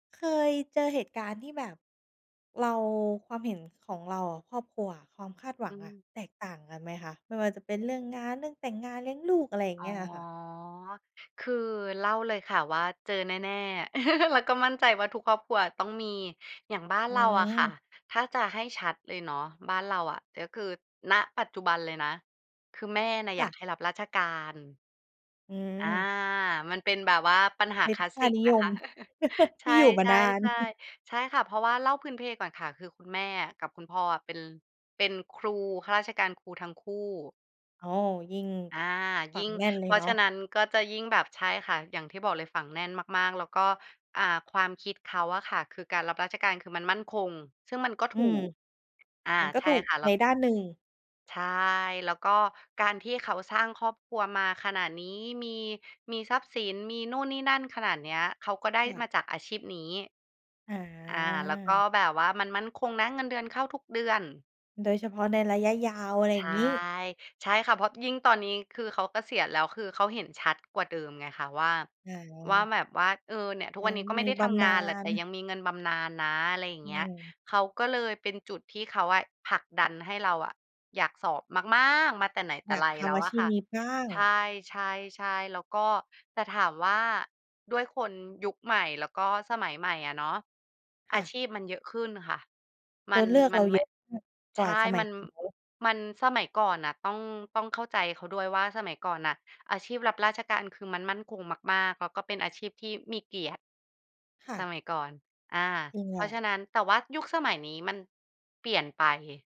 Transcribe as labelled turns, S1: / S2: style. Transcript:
S1: เคยเจอเหตุการณ์ที่แบบเรา ความเห็นของเรากับครอบครัว ความคาดหว
S2: อ
S1: ั
S2: ื
S1: งอะ
S2: ม
S1: แตกต่างกันไหมคะ? ไม่ว่าจะเป็นเรื่องงาน เรื่องแต่งงาน เลี้ยงลูก อะไรอย่า
S2: อ
S1: ง
S2: ๋
S1: เ
S2: อ
S1: งี้ยอะค่ะ
S2: คือเล่าเลยค่ะว่า เจอแน่ ๆ แล้วก็มั่นใจว่า ทุกครอบครัวต้องมี อย่างบ้าน
S1: อื
S2: เราอะค่ะ
S1: ม
S2: ถ้าจะให้ชัดเลยเนาะ บ้านเราอะ ก็คือ ณ ปัจจุบันเลยนะ คือแม่น่ะ
S1: ค
S2: อย
S1: ่
S2: าก
S1: ะ
S2: ให้รับราชการ
S1: อื
S2: อา
S1: ม
S2: มันเป็นแบบว่าปัญหา
S1: เป็
S2: ค
S1: น
S2: ลาส
S1: ค
S2: ส
S1: ่า
S2: ิก
S1: นิ
S2: น
S1: ย
S2: ะค
S1: ม
S2: ะ ใช
S1: ที่
S2: ่
S1: อยู่ มานา
S2: ๆ
S1: น
S2: ๆ ใช่ค่ะ เพราะว่าเล่าพื้นเพก่อนค่ะ คือคุณแม่อะ กับคุณพ่ออะ เป็น เป็นครู ข้าราชการครูทั้งคู่
S1: อ๋อ ยิ่ง
S2: อา
S1: ฝั
S2: ยิ
S1: ง
S2: ่ง
S1: แน่นเล
S2: เพ
S1: ย
S2: รา
S1: เน
S2: ะ
S1: า
S2: ฉ
S1: ะ
S2: ะนั้นก็จะยิ่งแบบ ใช่ค่ะ อย่างที่บอกเลยฝังแน่นมาก ๆ แล้วก็ อ่า ความคิดเขาอะค่ะ คือการรับราชการ คือมันมั่นคง ซึ่งมันก็
S1: อ
S2: ถ
S1: ื
S2: ู
S1: ม
S2: ก อา
S1: มันก็
S2: ใช
S1: ถ
S2: ่
S1: ูก
S2: ค่ะ แล
S1: ใ
S2: ้
S1: น
S2: ว
S1: ด้านหนึ่ง
S2: ใช่ แล้วก็การที่เขาสร้างครอบครัวมาขนาดนี้ มี มีทรัพย์สิน มีนู่นนี่นั่นขนาดเนี้ย เขาก็ได้
S1: ค่ะ
S2: มาจากอาชีพนี้
S1: อ
S2: อา แล้วก็
S1: า
S2: แบบว่า มันมั่นคงนะ เงินเดือนเข้าทุกเดือน
S1: โดยเฉพาะในระยะยาว อะไร
S2: ใ
S1: อย
S2: ช
S1: ่า
S2: ่
S1: งงี้
S2: ใช่ค่ะ เพราะยิ่งตอนนี้คือเขาเกษียณแล้ว คือเขาเห็นชัดกว่าเดิมไงคะว่า
S1: อ
S2: ว่า
S1: า
S2: แบบว่า เออ เนี่ย ทุก
S1: อา
S2: วันนี้ก็
S1: ม
S2: ไม่
S1: ี
S2: ได้
S1: บ
S2: ทำ
S1: ำ
S2: ง
S1: น
S2: า
S1: า
S2: นแหละ แต่
S1: ญ
S2: ยังมีเงินบำนาญนะ อะไรอย่าง
S1: อื
S2: เงี้ย
S1: ม
S2: เขาก็เลย เป็นจุดที่เขาอะ ผลักดันให้เราอะอยากสอบมาก ๆ มาแต่ไหนแต
S1: อ
S2: ่
S1: ยา
S2: ไ
S1: ก
S2: ร
S1: ท
S2: แล้
S1: ำ
S2: ว
S1: อา
S2: อ
S1: ช
S2: ะ
S1: ี
S2: ค
S1: พ
S2: ่ะ
S1: นี้บ้าง
S2: ใช่ ๆ ๆ แล้วก็ แต่ถามว่า ด้วยคนยุคใหม่ แล้วก็สมัยใหม่อะเนาะ
S1: ค
S2: อา
S1: ่ะ
S2: ชีพมันเยอะขึ้นค่ะ ม
S1: ต
S2: ั
S1: ัว
S2: น
S1: เลือก
S2: ม
S1: เ
S2: ั
S1: ร
S2: น
S1: า
S2: ไ
S1: เ
S2: ม
S1: ย
S2: ่
S1: อะมากก
S2: ใช
S1: ว่า
S2: ่
S1: สมั
S2: ม
S1: ย
S2: ัน
S1: ของเขา
S2: มันสมัยก่อนน่ะ ต้อง ต้องเข้าใจเขาด้วยว่า สมัยก่อนน่ะ อาชีพรับราชการ คือมันมั่นคงมาก ๆ แล้วก็เป็นอาชีพที่มีเกียรติ
S1: ค่
S2: ส
S1: ะ
S2: มัยก่อน อ่า
S1: จริง
S2: เ
S1: แ
S2: พ
S1: หล
S2: ราะ
S1: ะ
S2: ฉะนั้น แต่ว่ายุคสมัยนี้มันเปลี่ยนไป